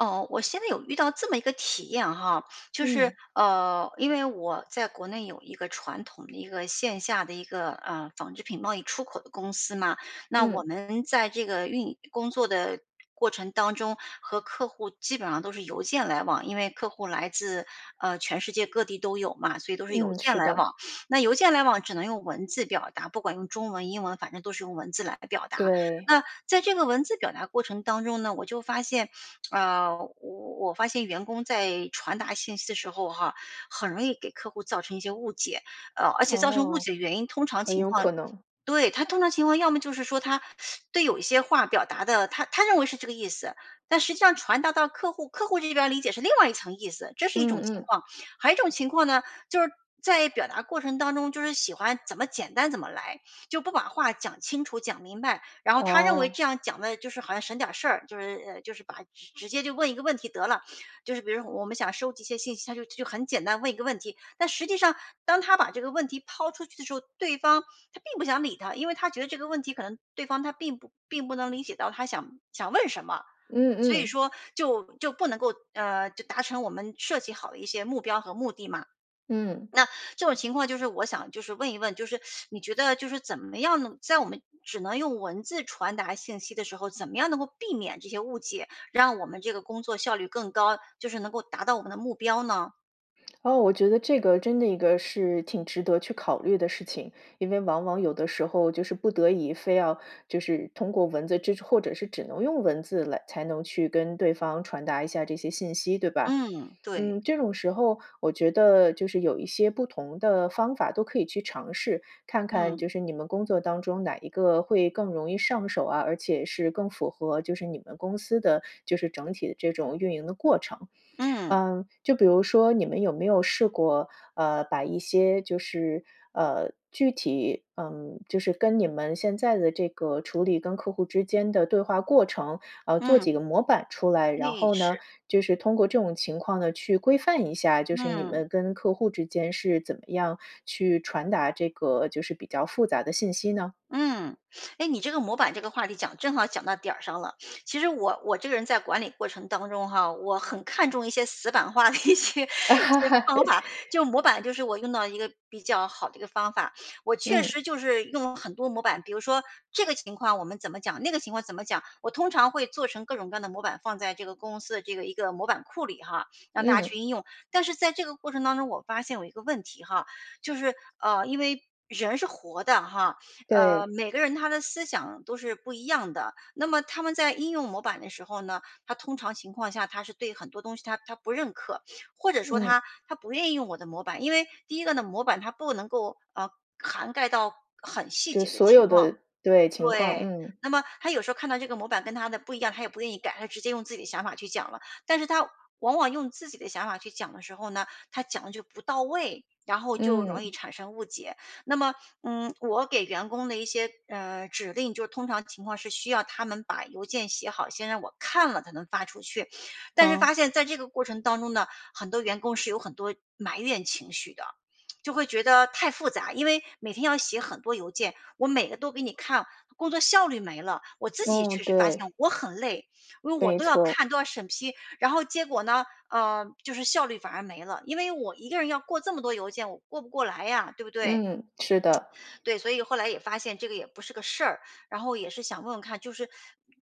哦，我现在有遇到这么一个体验哈。就是，嗯。呃，因为我在国内有一个传统的一个线下的一个，呃，纺织品贸易出口的公司嘛。那我嗯。们在这个运营工作的过程当中，和客户基本上都是邮件来往。因为客户来自，呃，全世界各地都有嘛，所以都是邮嗯，件是来的。往。那邮件来往只能用文字表达，不管用中文、英文，反正都是用文字来表达。对。那在这个文字表达过程当中呢，我就发现，啊，我我我发现员工在传达信息的时候哈，很容易给客户造成一些误解。呃，而且造成误哦，解的原因通常很情有况可能。对，他通常情况，要么就是说他 对有一些话表达得他他认为是这个意思，但实际上传达到客户，客户这边儿理解是另外一层意思，这是一嗯种情嗯。况。还有一种情况呢，就是在表达过程当中就是喜欢怎么简单怎么来，就不把话讲清楚、讲明白。然后他认为这哦。样讲得就是好像省点事儿，就是呃，就是把直直接就问一个问题得了。就是比如说我们想收集一些信息，他就就很简单问一个问题。但实际上，当他把这个问题抛出去的时候，对方他并不想理他。因为他觉得这个问题可能对方他并不并不能理解到他想想问什么。嗯所以嗯。说就就不能够，呃就达成我们设计好的一些目标和目的嘛。嗯。那，这种情况就是我想就是问一问就是，你觉得就是怎么样能在我们只能用文字传达信息的时候，怎么样能够避免这些误解，让我们这个工作效率更高，就是能够达到我们的目标呢？哦。我觉得这个真的一个是挺值得去考虑的事情。因为往往有的时候就是不得已非要就是通过文字这种或者是只能用文字来才能去跟对方传达一下这些信息，对吧？嗯。对。嗯，这种时候我觉得，就是有一些不同的方法都可以去尝试，看看嗯。就是你们工作当中哪一个会更容易上手啊，而且是更符合就是你们公司的就是整体的这种运营的过程。嗯。呃，就比如说你们有没有试过，呃，把一些就是，呃，具体，嗯，就是跟你们现在的这个处理跟客户之间的对话过程，呃，做嗯。几个模板出来，然对，后呢，是。就是通过这种情况呢，去规范一下，就是你嗯。们跟客户之间是怎么样去传达这个就是比较复杂的信息呢？嗯。诶，你这个模板这个话题讲正好讲到点儿上了。其实我我这个人在管理过程当中哈，我很看重一些死板化的一些一些方 法。就模板就是我用到一个比较好的一个方法。我确嗯。实就是用了很多模板，比如说这个情况我们怎么讲，那个情况怎么讲，我通常会做成各种各样的模板，放在这个公司的这个一个模板库里哈，让大家嗯。去应用。但是在这个过程当中，我发现有一个问题哈，就是，啊，因为人是活的哈，啊，对。每个人他的思想都是不一样的。那么他们在应用模板的时候呢，他通常情况下，他是对很多东西，他他不认可，或者说嗯。他他不愿意用我的模板。因为第一个呢，模板，它不能够，呃涵盖到很细就节的所情有况。的对，情况，对，嗯。那么他有时候看到这个模板跟他的不一样，他也不愿意改，他就直接用自己的想法去讲了。但是他往往用自己的想法去讲的时候呢，他讲得就不到位，然后就容易嗯。产生误解。那么，嗯，我给员工的一些，呃，指令，就通常情况是需要他们把邮件写好，先让我看了才能发出去。但是发哦。现在这个过程当中呢，很多员工是有很多埋怨情绪的，就会觉得太复杂。因为每天要写很多邮件，我每个都给你看，工作效率没了，我自己也嗯。确实发对。现我很累。因为我没都要错。看、都要审批，然后结果呢，呃，就是效率反而没了。因为我一个人要过这么多邮件，我过不过来呀，对不对？嗯。是的。对，所以后来也发现这个也不是个事儿，然后也是想问问看就是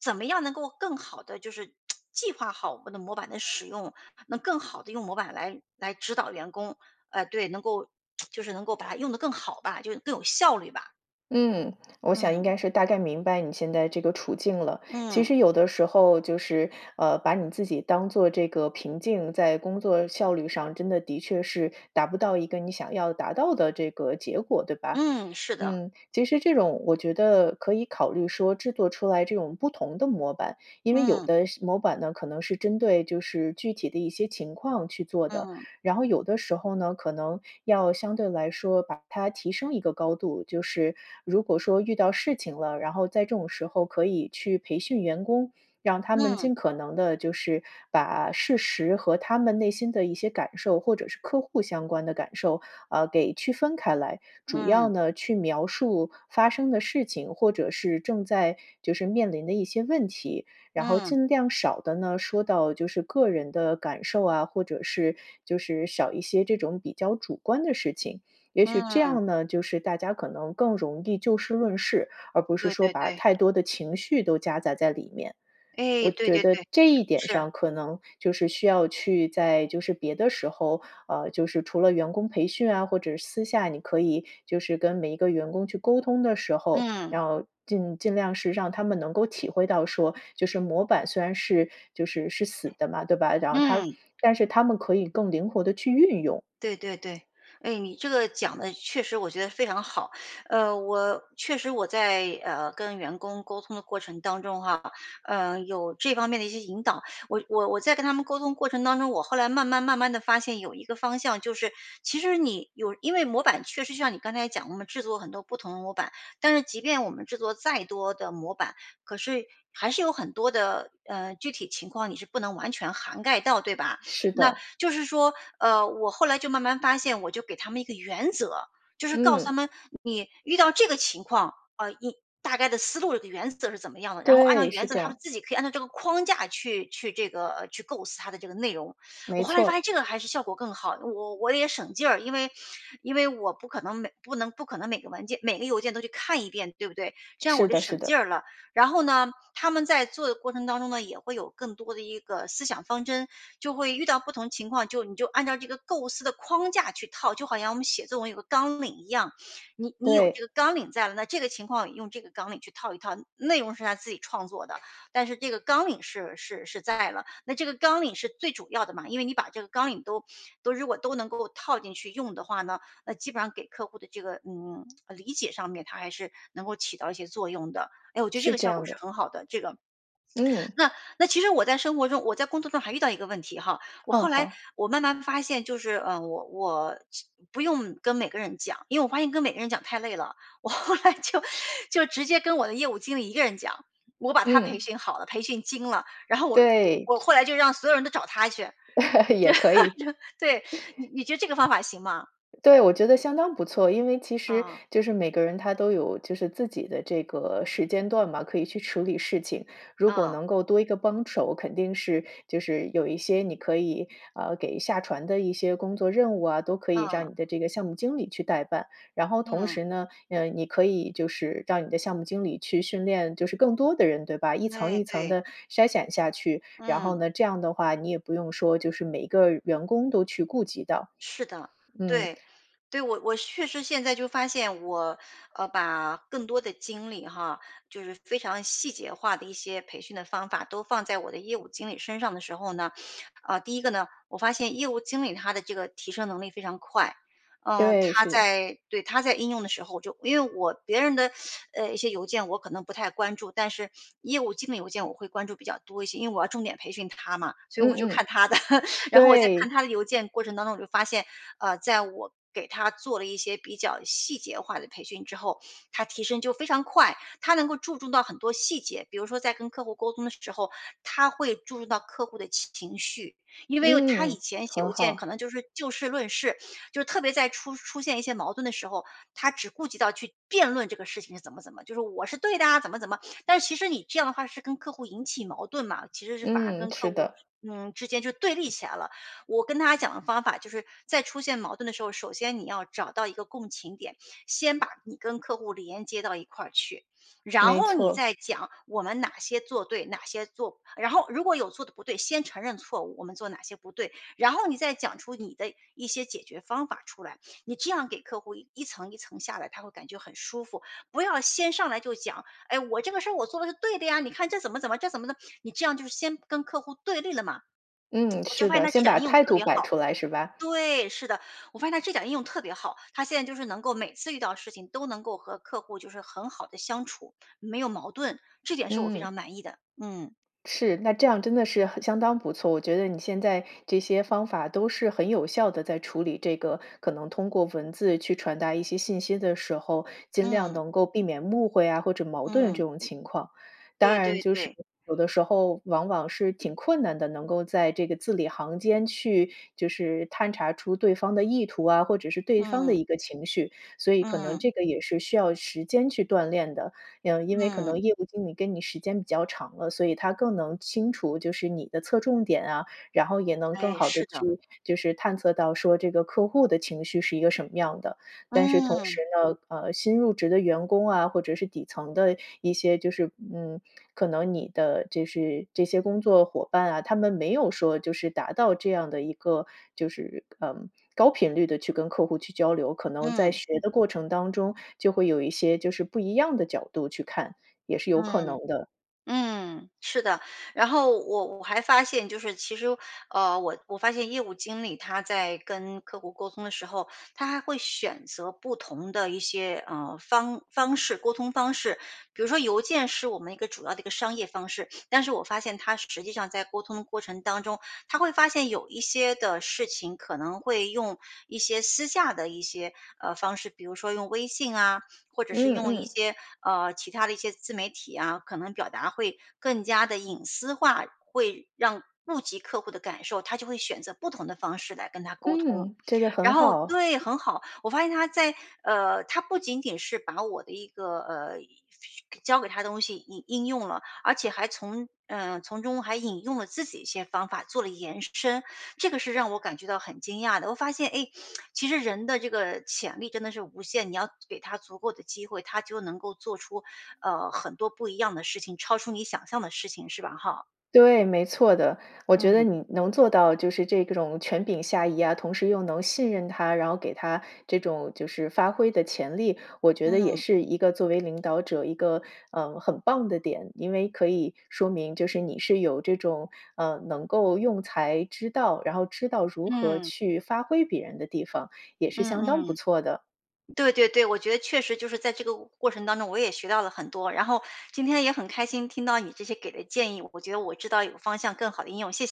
怎么样能够更好地就是 计划好我们的模板的使用，能更好地用模板来来指导员工。呃，对，能够 就是能够把它用得更好吧，就是更有效率吧。嗯，我想应嗯。该是大概明白你现在这个处境了。其嗯。实有的时候就是，呃，把你自己当做这个瓶颈，在工作效率上真的的确是达不到一个你想要达到的这个结果，对吧？嗯，是的。嗯，其实这种我觉得可以考虑说，制作出来这种不同的模板。因为有嗯。的时模板呢，可能是针对就是具体的一些情况去做的。嗯。然后有的时候呢，可能要相对来说把它提升一个高度。就是如果说遇到事情了，然后在这种时候可以去培训员工，让他们嗯。尽可能地就是把事实和他们内心的一些感受，或者是客户相关的感受，啊，给区分开来。主要嗯。呢去描述发生的事情，或者是正在就是面临的一些问题。然后嗯。尽量少地呢，说到就是个人的感受啊，或者是就是少一些这种比较主观的事情。也许这嗯。样呢，就是大家可能更容易就事论事，而不是对说对把对。太多的情绪都夹杂在里面。哎，我对觉对得对。这一点是。上可能就是需要去在就是别的时候呃，就是除了员工培训啊，或者私下你可以就是跟每一个员工去沟通的时候，嗯。要尽尽量是让他们能够体会到说，就是模板虽然是就是是死的嘛，对吧，然后他嗯。但是他们可以更灵活地去运用。对对对。诶，你这个讲得确实我觉得非常好。呃，我确实我在，呃，跟员工沟通的过程当中啊。嗯，有这方面的一些引导。我我我在跟他们沟通过程当中，我后来慢慢慢慢地发现有一个方向，就是其实你有因为模板确实像你刚才讲的嘛，制作很多不同的模板。但是即便我们制作再多的模板，可是还是有很多的呃，具体情况你是不能完全涵盖到对吧？是那的。就是说，呃，我后来就慢慢发现，我就给他们一个原则，就是告诉他嗯。们，你遇到这个情况，呃，一大概的思路的原则是怎么样的。然后按照对。原是则，这他们样。自己可以按照这个框架去去这个去构思它的这个内容。我没后来发现错。这个还是效果更好，我我也省劲儿。因为因为我不可能每不能不可能每个文件每个邮件都去看一遍，对不对？这样我是就的是省劲的。儿了。然后呢，他们在做的过程当中呢，也会有更多的一个思想方针。就会遇到不同情况，就你就按照这个构思的框架去套，就好像我们写作文有一个纲领一样。你你有这对。个纲领在了，那这个情况用这个纲领去套一套，内容是他自己创作的，但是这个纲领是是是在了。那这个纲领是最主要的嘛，因为你把这个纲领都都如果都能够套进去用的话呢，那基本上给客户的这个嗯，呃理解上面，它还是能够起到一些作用的。诶，我觉得这是个这效果样是的。很好的，这个。嗯。那那其实我在生活中我在工作中还遇到一个问题哈。我嗯。后来好。我慢慢发现就是，呃，我我其不用跟每个人讲，因为我发现跟每个人讲太累了。我后来就就直接跟我的业务经理一个人讲，我把他培嗯。训好了，培训精了，然后我对。我我后来就让所有人都找他去。也可以。对啊，就对。你 你觉得这个方法行吗？对，我觉得相当不错。因为其实嗯。就是每个人他都有就是自己的这个时间段嘛，可以去处理事情。如果嗯。能够多一个帮手，肯定是就是有一些你可以，呃，给下传的一些工作任务啊，都可以嗯。让你的这个项目经理去代办。然后同嗯。时呢，呃，你可以就是让你的项目经理去训练，就是更多的人，对吧？一层对一层对。地筛选下去，然后嗯。呢，这样的话，你也不用说就是每一个员工都去顾及到。是的，嗯。对，对。我我确实现在就发现我，呃，把更多的精力哈，就是非常细节化的一些培训的方法都放在我的业务经理身上的时候呢，啊，第一个呢，我发现业务经理他的这个提升能力非常快。嗯，对，他是。在对，他在应用的时候，我就因为我别人的，呃一些邮件，我可能不太关注。但是业务经理邮件我会关注比较多一些，因为我要重点培训他嘛，所以嗯我就嗯。看他的。然后我在看对。他的邮件过程当中，我就发现，呃，在我给他做了一些比较细节化的培训之后，他提升就非常快，他能够注重到很多细节。比如说在跟客户沟通的时候，他会注重到客户的情绪。因为哦，他以嗯。前写很邮件可好。能就是就事论事，就特别在出出现一些矛盾的时候，他只顾及到去辩论这个事情是怎么怎么。就是“我是对的啊”，怎么怎么。但其实你这样的话是跟客户引起矛盾嘛，其实是反而嗯，跟是客户的。嗯，之间就对立起来了。我跟他讲的方法就是，在出现矛盾的时候，首先你要找到一个共情点。先把你跟客户连接到一块儿去。然没后你错。再讲，我们哪些做对哪些做然后如果有做得不对，先承认错误，我们做哪些不对，然后你再讲出你的一些解决方法儿出来。你这样给客户一层一层下来，他会感觉很舒服。不要先上来就讲：“哎，我这个事儿我做得是对的呀，你看这怎么怎么这怎么弄“你这样就是先跟客户对立了嘛。嗯，我就是发现的。他这先点儿把应用态特度别摆好出来是吧？对，是的，我发现他这点儿应用特别好。他现在就是能够每次遇到事情，都能够和客户就是很好地相处，没有矛盾。这点是我非嗯。常满意的。嗯。是，那这样真的是很相当不错。我觉得你现在这些方法都是很有效地在处理这个可能通过文字去传达一些信息的时候，尽量嗯。能够避免误会啊或者矛盾这嗯。种情况。当对然对就是对。有的时候往往是挺困难的，能够在这个字里行间去就是探查出对方的意图啊，或者是对方的嗯。一个情绪，所以可能嗯。这个也是需要时间去锻炼的。呃，因为可嗯。能业务经理跟你时间比较长了，所以他更能清楚，就是你的侧重点啊，然后也能更哎，好地是的。去，就是探测到说这个客户的情绪是一个什么样的。但是同嗯。时呢，呃，新入职的员工啊，或者是底层的一些就是嗯，可能你的就是这些工作伙伴啊。他们没有说就是达到这样的一个，就是嗯，高频率地去跟客户去交流，可能在嗯。学的过程当中，就会有一些就是不一样的角度去看，也是有可能嗯，的。嗯，是的。然后我我还发现就是其实，呃，我我发现业务经理他在跟客户沟通的时候，他还会选择不同的一些，呃，方方式沟通方式。比如说邮件是我们一个主要的一个商业方式，但是我发现他实实际上在沟通的过程当中，他会发现有一些的事情可能会用一些私下的一些，呃，方式，比如说用微信啊，或者是嗯用一嗯。些，呃，其它的一些自媒体啊，可能表达会更加地隐私化，会让顾及客户的感受。他就会选择不同的方式来跟他沟通，嗯。这个然很后好。对，很好。我发现他在呃，他不仅仅是把我的一个呃，教给他的东西应应用了，而且还从呃，从中还引用了自己一些方法做了延伸。这个是让我感觉到很惊讶的，我发现，诶，其实人的这个潜力真的是无限。你要给他足够的机会，他就能够做出，呃，很多不一样的事情，超出你想象的事情，是吧？哈。对，没错的。我觉得嗯。你能做到就是这个种权柄下移啊，同时又能信任他，然后给他这种就是发挥的潜力，我觉得也嗯。是一个作为领导者一个，嗯，很棒的点。因为可以说明就是你是有这种，呃，能够用才，知道然后知道如何嗯。去发挥别人的地方，也是嗯相当不嗯。错的。对对对，我觉得确实就是在这个我过程当中，我也学到了很多。然后今天也很开心，听到你这些给的建议，我觉得我知道有方向更好地应用，谢谢